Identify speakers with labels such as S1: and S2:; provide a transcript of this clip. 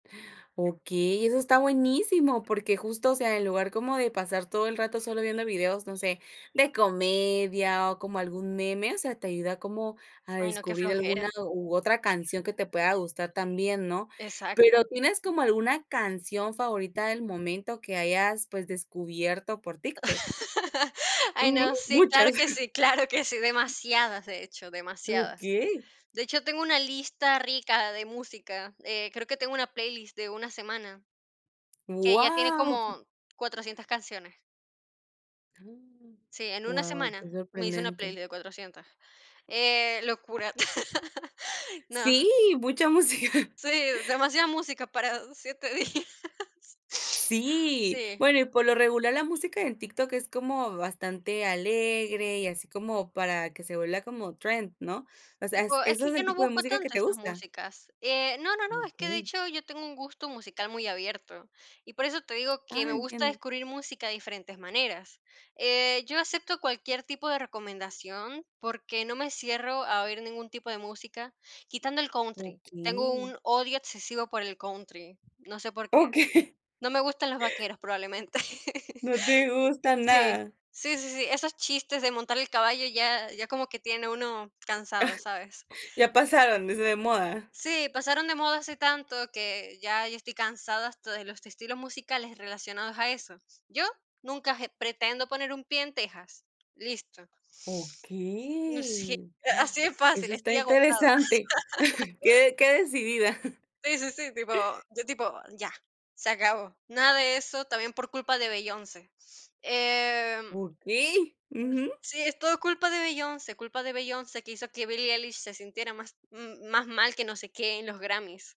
S1: Okey, eso está buenísimo, porque justo, o sea, en lugar como de pasar todo el rato solo viendo videos, no sé, de comedia o como algún meme, o sea, te ayuda como a
S2: Ay, no, qué
S1: descubrir alguna
S2: flojera.
S1: u otra canción que te pueda gustar también, ¿no?,
S2: Exacto.
S1: pero, ¿tienes como alguna canción favorita del momento que hayas, pues, descubierto por TikTok?
S2: Ay,
S1: Ujú,
S2: no, sí, claro
S1: muchas.
S2: que sí claro que sí, demasiadas, de hecho, demasiadas,
S1: Okey.
S2: de hecho, tengo una lista rica de música, eh, creo que tengo una playlist de una semana, que ya tiene
S1: Guau.
S2: como 400 canciones. Sí, en una
S1: Guau,
S2: semana,
S1: qué
S2: me hice una
S1: sorprendente.
S2: playlist de 400, eh, locura, no.
S1: Sí, mucha música.
S2: Sí, demasiada música para 7 días.
S1: Sí,
S2: Sí.
S1: bueno, y por lo regular, la música en TikTok es como bastante alegre y así como para que se vuelva como trend, ¿no?, o sea, ¿eso
S2: Tipo, es que
S1: es
S2: yo
S1: el
S2: no
S1: tipo de
S2: busco
S1: música que
S2: tanto
S1: te
S2: esas
S1: gusta?
S2: músicas, eh, no no no, es que, de
S1: Okey.
S2: hecho, yo tengo un gusto musical muy abierto, y por eso te digo que
S1: Ah,
S2: me gusta
S1: entiendo.
S2: descubrir música de diferentes maneras, eh, yo acepto cualquier tipo de recomendación, porque no me cierro a oír ningún tipo de música, quitando el Country, tengo
S1: Okey.
S2: un odio excesivo por el Country, no sé por qué,
S1: Okey.
S2: no me gustan los vaqueros, probablemente.
S1: No te gusta
S2: Sí
S1: nada.
S2: sí sí sí, esos chistes de montar el caballo ya ya como que tiene uno
S1: Ah,
S2: cansado, ¿sabes?
S1: ya pasaron, dice de moda.
S2: Sí, pasaron de moda hace tanto que ya yo estoy cansada hasta de los estilos musicales relacionados a eso, yo, nunca pretendo poner un pie en Texas, listo.
S1: Okey,
S2: [unintelligible] Así de
S1: eso
S2: fácil,
S1: está
S2: estoy agotada.
S1: interesante, qué de qué decidida.
S2: Sí sí sí, tipo tipo, ya, se acabó, nada de eso, también por culpa de Beyoncé, em.
S1: Okey, ujú.
S2: Sí, es todo culpa de Beyoncé culpa de Beyoncé, que hizo que Billy Ellis se sintiera más más mal, que no sé qué, en los Grammys.